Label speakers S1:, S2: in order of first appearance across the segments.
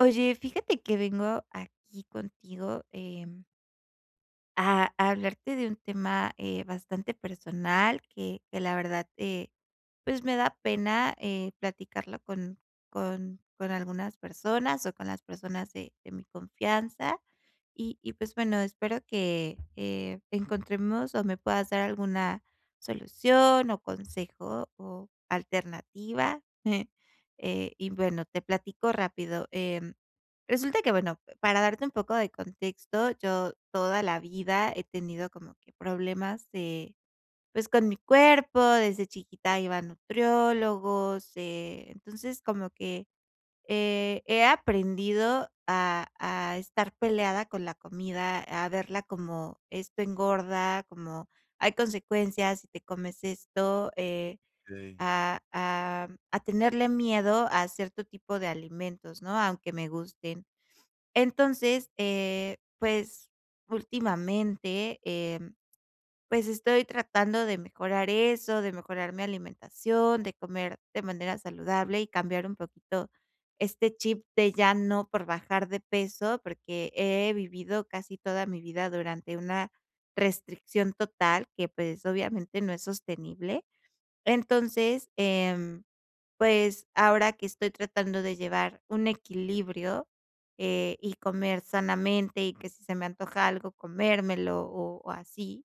S1: Oye, fíjate que vengo aquí contigo, em A a hablarte de un tema, eh, bastante personal que que la verdad, eh, pues, me da pena, eh, platicarlo con con con algunas personas, o con las personas de de mi confianza. Y y pues, bueno, espero que, eh, encontremos, o me puedas dar alguna solución, o consejo, o alternativa. Eh, y bueno te platico rápido. Em, resulta que bueno, para darte un poco de contexto, yo toda la vida he tenido como que problemas de, pues, con mi cuerpo desde chiquita iba a nutriólogos, eh, entonces como que, eh, he aprendido a a estar peleada con la comida, a verla como esto engorda, como hay consecuencias si te comes esto, eh,
S2: Okey.
S1: a a a tenerle miedo a cierto tipo de alimentos, ¿no?, aunque me gusten. Entonces, eh, pues, últimamente, em, pues, estoy tratando de mejorar eso, de mejorar mi alimentación, de comer de manera saludable y cambiar un poquito este chip de ya no, por bajar de peso. Porque he vivido casi toda mi vida durante una restricción total que, pues, obviamente, no es sostenible. Entonces, em, pues, ahora que estoy tratando de llevar un equilibrio, eh, y comer sanamente, y que si se me antoja algo comérmelo o o así.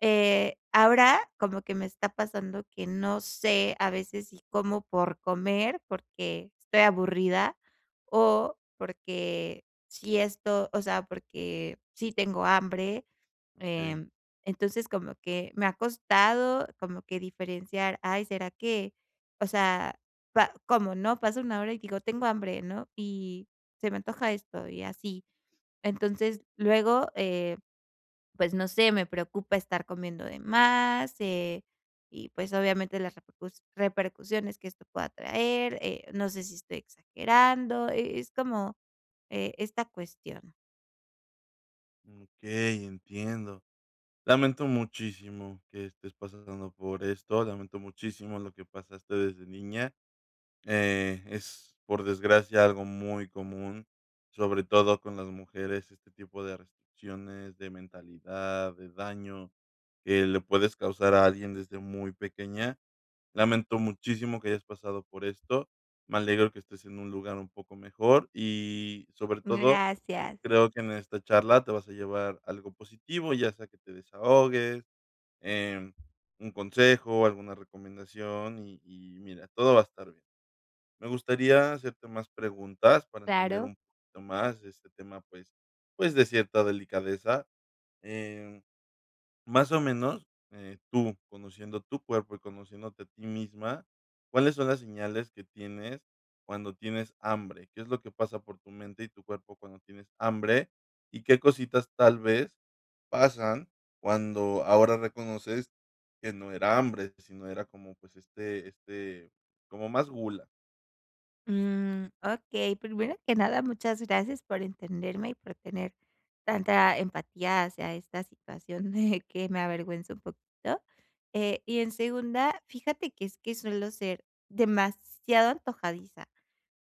S1: Eh, ahora como que me está pasando que, no sé, a veces si como por comer, porque estoy aburrida, o porque si esto o sea, porque sí tengo hambre.
S2: Okey.
S1: Em, entonces, como que me ha costado, como que diferenciar: "Ay, será que", o sea, pa como, ¿no?, pasa 1 hora, y digo: "Tengo hambre", ¿no? Y: "Se me antoja esto", y así. Entonces, luego, eh, pues no sé, me preocupa estar comiendo de más, eh, y pues, obviamente las repercus repercusiones que esto pueda traer, eh, no sé si, estoy exagerando, e es como, eh, esta cuestión.
S2: Okey, entiendo. Lamento muchísimo que estés pasando por esto, lamento muchísimo lo que pasaste desde niña, eh, es, por desgracia, algo muy común, sobre todo con las mujeres, este tipo de restricciones, de mentalidad, de daño que le puedes causar a alguien desde muy pequeña. Lamento muchísimo que hayas pasado por esto. Me alegro que estés en un lugar un poco mejor y, sobre todo,
S1: Gracias.
S2: creo que en esta charla te vas a llevar algo positivo, ya sea que te desahogues, em, un consejo, alguna recomendación, y y mira, todo va a estar bien. Me gustaría hacerte más preguntas para entender
S1: Claro.
S2: un poquito más de este tema, pues pues, de cierta delicadeza, eh, más o menos, eh, tú, conociendo tu cuerpo y conociéndote a ti misma, ¿cuáles son las señales que tienes cuando tienes hambre? ¿Qué es lo que pasa por tu mente y tu cuerpo cuando tienes hambre?, y qué cositas tal vez pasan cuando ahora reconoces que no era hambre, sino era como, pues, este este, como más gula?
S1: Mm. Okey, primero que nada, muchas gracias por entenderme, y por tener tanta empatía hacia esta situación de que me avergüenza un poquito. Eh, y en segunda, fíjate que es que suelo ser demasiado antojadiza.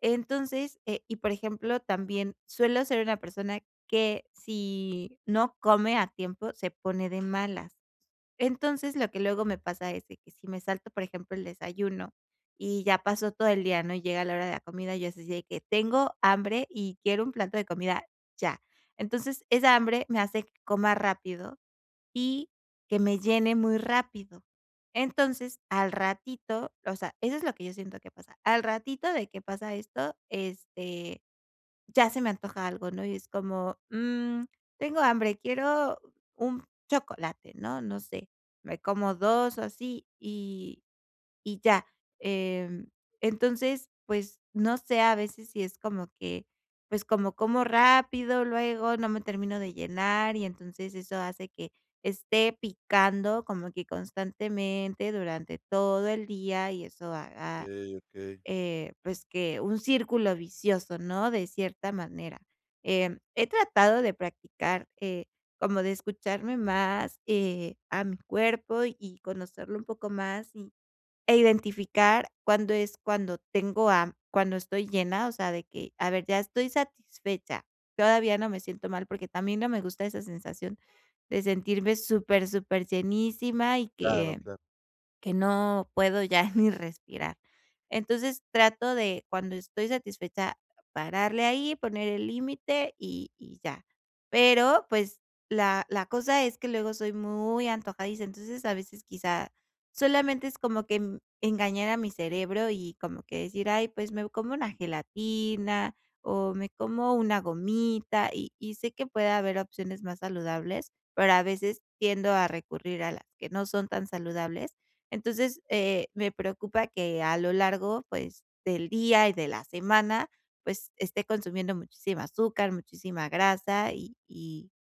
S1: Entonces eh, y por ejemplo, también suelo ser una persona que si no come a tiempo se pone de malas. Entonces, lo que luego me pasa es de que si me salto, por ejemplo, el desayuno, y ya pasó todo el día, ¿no?, llega la hora de la comida, yo así de que: "Tengo hambre y quiero un plato de comida ya". Entonces, esa hambre me hace que coma rápido y que me llene muy rápido. Entonces, al ratito o sea, eso es lo que yo siento que pasa, al ratito de que pasa esto, este, ya se me antoja algo, ¿no? Y es como, mm, tengo hambre, quiero un chocolate, ¿no?, no sé, me como 2 o así, y y ya. Em, entonces, pues, no sé, a veces si es como que, pues, como, como rápido, luego no me termino de llenar, y entonces, eso hace que esté picando como que constantemente durante todo el día. Y eso haga,
S2: Okey, okey.
S1: eh, pues, que un círculo vicioso, ¿no?, de cierta manera. Em, he tratado de practicar, eh, como de escucharme más, eh, a mi cuerpo y conocerlo un poco más, y e identificar cuándo es cuando tengo ha cuando estoy llena, o sea, de que: "A ver, ya estoy satisfecha". Todavía no me siento mal, porque también no me gusta esa sensación de sentirme super superllenísima, y
S2: Claro,
S1: que
S2: claro.
S1: que no puedo ya ni respirar. Entonces, trato de cuando estoy satisfecha, pararle ahí, poner el límite y y ya. Pero, pues, la la cosa es que luego soy muy antojadiza. Entonces, a veces quizá, solamente es como que engañar a mi cerebro, y como que decir: "Ay, pues, me como una gelatina, o me como una gomita", y y sé que puede haber opciones más saludables, pero a veces tiendo a recurrir a las que no son tan saludables. Entonces, eh, me preocupa que a lo largo, pues, del día y de la semana, pues, esté consumiendo muchísima azúcar, muchísima grasa, y y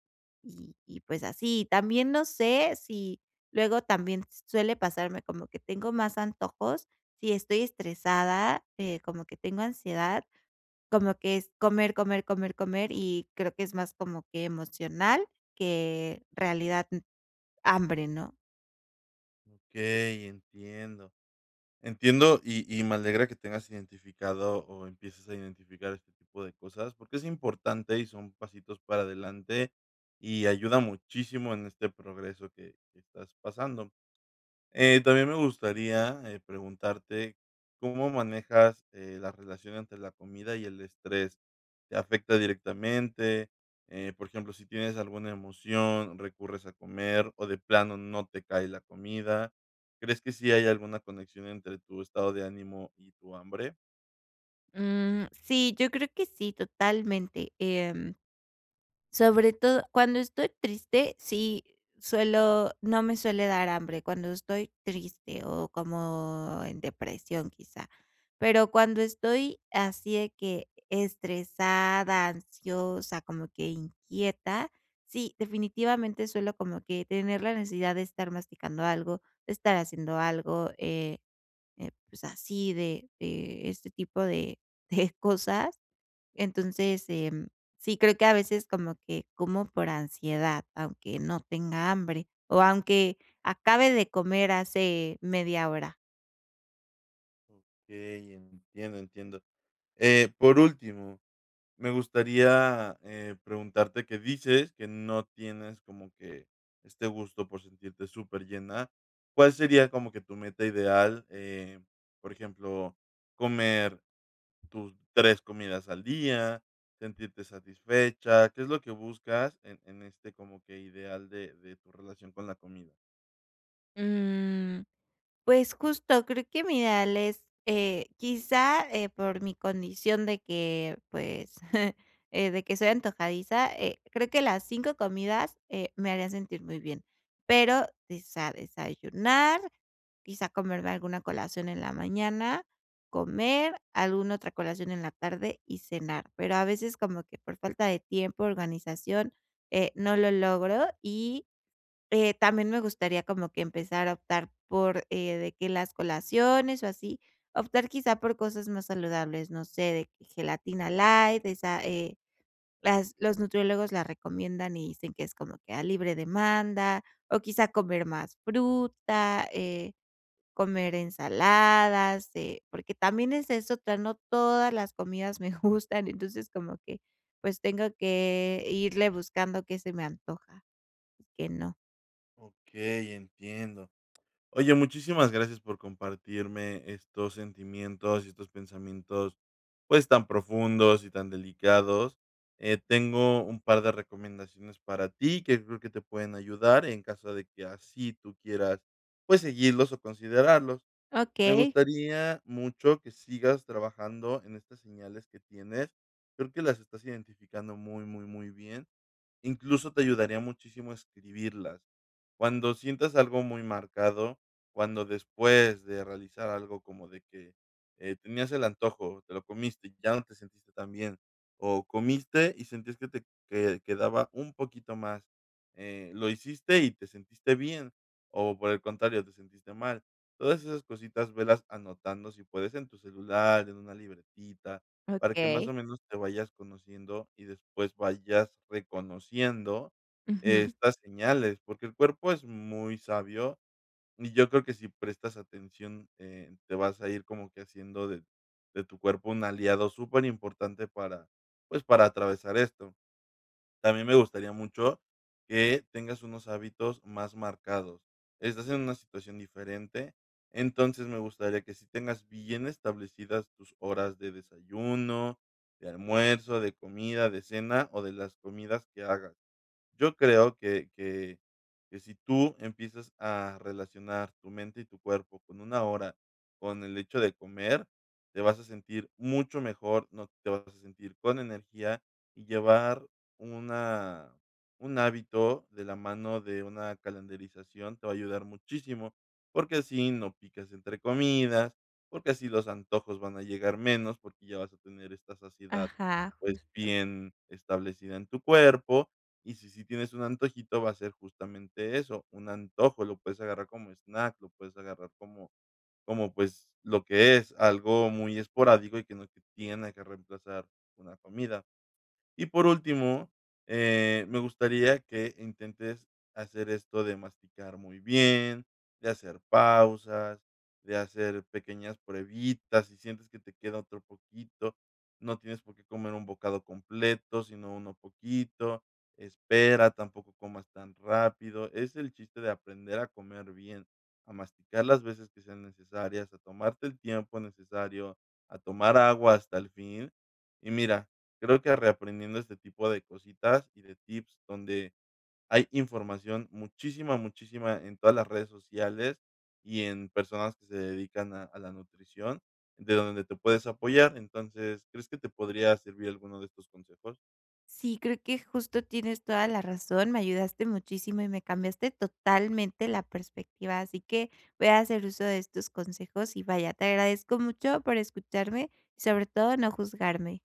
S1: y pues así. También, no sé si, luego también, suele pasarme como que tengo más antojos, si estoy estresada, eh, como que tengo ansiedad, como que es comer, comer, comer, comer, y creo que es más como que emocional, que realidad, uh, hambre, ¿no?
S2: Okey, entiendo. Entiendo, y y me alegra que tengas identificado o empieces a identificar este este tipo de cosas, porque es importante y son pasitos para adelante. Y ayuda muchísimo en este progreso que que estás pasando. Eh, también me gustaría, eh, preguntarte, ¿cómo manejas, eh, la relación entre la comida y el estrés? ¿Te afecta directamente?, eh, por ejemplo, si tienes alguna emoción, recurres a comer, o de plano no te cae la comida, ¿crees que sí hay alguna conexión entre tu estado de ánimo y tu hambre?
S1: Mm, sí, yo creo que sí, totalmente. Em, sobre todo cuando estoy triste, sí suelo no me suele dar hambre, cuando estoy triste, o como en depresión quizá. Pero, cuando estoy así de que estresada, ansiosa, como que inquieta, sí, definitivamente, suelo como que tener la necesidad de estar masticando algo, de estar haciendo algo, eh, eh, pues, así de de este tipo de de cosas. Entonces, em, sí creo que a veces como que como por ansiedad, aunque no tenga hambre, o aunque acabe de comer hace media hora.
S2: Okey, entiendo, entiendo. Eh, por último, me gustaría, eh, preguntarte que dices que no tienes como que este gusto por sentirte superllena, ¿cuál sería como que tu meta ideal?, eh, por ejemplo, comer tus 3 comidas al día, sentirte satisfecha, ¿qué es lo que buscas en en este como que ideal de de tu relación con la comida?
S1: Mm, pues, justo creo que mi ideal es, eh, quizá, eh, por mi condición de que, pues, eh, de que soy antojadiza, eh, creo que las 5 comidas, eh, me harían sentir muy bien, pero desa desayunar, quizá comerme alguna colación en la mañana, comer, alguna otra colación en la tarde y cenar. Pero a veces, como que por falta de tiempo, organización, eh, no lo logro y, eh, también me gustaría como que empezar a optar por eh, de que las colaciones o así, optar quizá por cosas más saludables, no sé, de que gelatina light, esa, eh, las los nutriólogos la recomiendan y dicen que es como que a libre demanda, o quizá comer más fruta, eh, comer ensaladas, eh, porque también esa es otra, no todas las comidas me gustan, entonces, como que, pues tengo que irle buscando qué se me antoja y qué no.
S2: Okey, entiendo. Oye, muchísimas gracias por compartirme estos sentimientos y estos pensamientos, pues, tan profundos y tan delicados. Eh, tengo un par de recomendaciones para ti, que creo que te pueden ayudar en caso de que así tú quieras, pues, seguirlos o considerarlos. Me
S1: Okey.
S2: gustaría mucho que sigas trabajando en estas señales que tienes, creo que las estás identificando muy, muy, muy bien. Incluso, te ayudaría muchísimo escribirlas. Cuando sientas algo muy marcado, cuando después de realizar algo como de que, eh, tenías el antojo, te lo comiste, ya no te sentiste tan bien, o comiste, y sentías que te que quedaba un poquito más, eh, lo hiciste y te sentiste bien, o, por el contrario, te sentiste mal. Todas esas cositas velas anotando si puedes en tu celular, en una libretita, para que, más
S1: Okey.
S2: o menos, te vayas conociendo, y después vayas reconociendo
S1: Ujú.
S2: estas señales. Porque el cuerpo es muy sabio, y yo creo que si prestas atención, eh, te vas a ir como que haciendo de de tu cuerpo un aliado superimportante para, pues, para atravesar esto. También me gustaría mucho que tengas unos hábitos más marcados. Estás en una situación diferente, entonces, me gustaría que sí tengas bien establecidas tus horas de desayuno, de almuerzo, de comida, de cena o de las comidas que hagas. Yo creo que que que si tú empiezas a relacionar tu mente y tu cuerpo con una hora, con el hecho de comer, te vas a sentir mucho mejor, ¿no?, te vas a sentir con energía. Y llevar una un hábito de la mano de una calendarización te va a ayudar muchísimo, porque así no picas entre comidas, porque así los antojos van a llegar menos, porque ya vas a tener esta saciedad,
S1: Ajá,
S2: pues,
S1: justo.
S2: bien establecida en tu cuerpo, y si, sí tienes un antojito va a ser justamente eso, un antojo lo puedes agarrar como snack, lo puedes agarrar como como, pues, lo que es, algo muy esporádico y que no te tiene que reemplazar una comida. Y, por último, eh, me gustaría que intentes hacer esto de masticar muy bien, de hacer pausas, de hacer pequeñas pruebitas, si sientes que te queda otro poquito. No tienes por qué comer un bocado completo, sino uno poquito. Espera, tampoco comas tan rápido. Es el chiste de aprender a comer bien, a masticar las veces que sean necesarias, a tomarte el tiempo necesario, a tomar agua hasta el fin. Y mira, creo que reaprendiendo este tipo de cositas y de tips donde hay información, muchísima, muchísima en todas las redes sociales, y en personas que se dedican a a la nutrición de donde te puedes apoyar. Entonces, ¿crees que te podría servir alguno de estos consejos?
S1: Sí, creo que justo tienes toda la razón, me ayudaste muchísimo, y me cambiaste totalmente la perspectiva. Así que voy a hacer uso de estos consejos, y vaya, te agradezco mucho por escucharme, y sobre todo no juzgarme.